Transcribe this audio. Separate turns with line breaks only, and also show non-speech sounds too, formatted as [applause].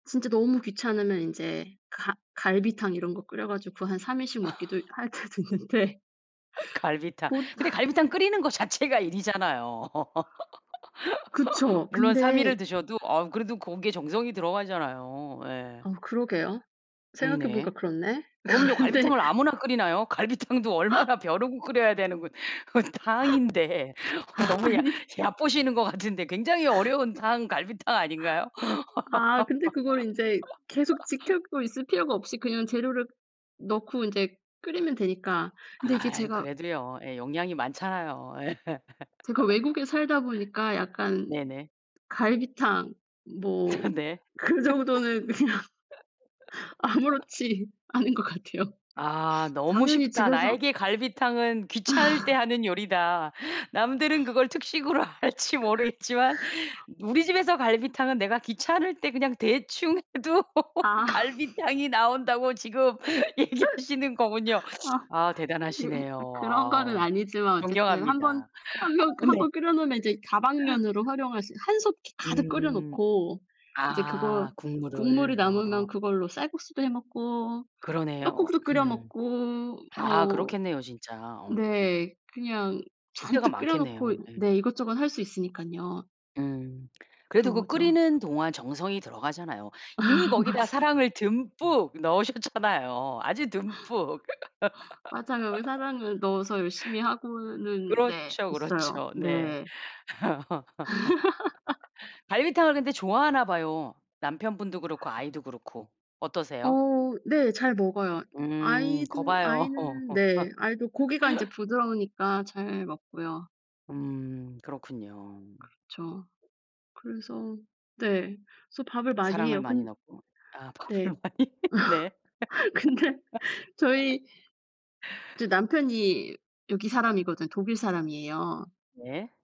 진짜 너무 귀찮으면 인제 갈 갈비탕 이런 거 끓여 가지고 한 3 일씩 먹기도
[laughs]
할 때도 있는데.
갈비탕.
뭐
근데
[laughs]
갈비탕 끓이는 거 자체가 일이잖아요.
그쵸.
[laughs] 물론 3 일을
근데
드셔도 어 그래도 거기에 정성이 들어가잖아요. 예.
어 그러게요.
음
생각해 보니까
네.
그렇네.
그럼요.
그런데
갈비탕을 아무나 끓이나요? 갈비탕도 얼마나 벼르고 끓여야 되는 거 그거 탕인데 너무 얕
아니
얕보시는 것 같은데 굉장히 어려운 탕 갈비탕 아닌가요?
아 아 근데 그거를 인제 계속
[laughs]
지켜보고 있을 필요가 없이 그냥 재료를 넣고 인제 끓이면 되니까 근데 이제
아유
제가
그래도요. 예. 용량이 많잖아요. 예.
제가 외국에 살다 보니까
[laughs]
약간
네네.
갈비탕
아
뭐
네. [laughs]
그 정도는 그냥 아무렇지 않은 것 같아요.
아. "너무
당연히
쉽다.
집에서
나에게 갈비탕은 귀찮을 때
[laughs]
하는 요리다." 남들은 그걸 특식으로 할지 모르겠지만 우리
[laughs]
집에서 갈비탕은 내가 귀찮을 때 그냥 대충 해도 [laughs]
아. [laughs]
갈비탕이 나온다고 지금 얘기하시는 거군요.
아.
아
이게 아
대단하시네요.
그런 거는
아.
아니지만 어쨌든 1 번
존경합니다.
1 명
[laughs]
1
네.
번 끓여 놓으면 이제 다방면으로 활용할 수 1 솥 가득 끓여
음.
놓고 이제 그거
아. 국물을.
국물이
어.
남으면 그걸로 쌀국수도 해 먹고
그러네요.
떡국도 끓여
음.
먹고
아
뭐
그렇겠네요 진짜. 어.
네 그냥
쓸 데가
잔뜩 끓여 놓고
많겠네요. 예.
네 이것저것 할 수 있으니깐요.
음. 그래도
그런
그
거죠.
끓이는 동안 정성이 들어가잖아요. 이미
아
거기다
맞아요.
사랑을 듬뿍 넣으셨잖아요 아주 듬뿍.
맞아요. 예 사랑을 넣어서 열심히
[laughs]
하고는 네
그렇죠,
있어요.
그렇죠. 네.
네.
[laughs]
[laughs]
갈비탕을 근데 좋아하나 봐요, 남편분도 그렇고 아이도 그렇고. 어떠세요?
어 네. 잘 먹어요.
음. 거
아이도
봐요.
아이는 네 아이도 고기가 인제
[laughs]
부드러우니까 잘 먹고요.
음. 그렇군요.
그렇죠. 그래서 네 그래서 밥을 많이
사랑을
해요.
많이
근
넣고. 아 밥을
네.
많이 네.
[laughs] 근데 저희 저
[laughs]
남편이 여기 사람이거든, 독일
음.
사람이에요.
네.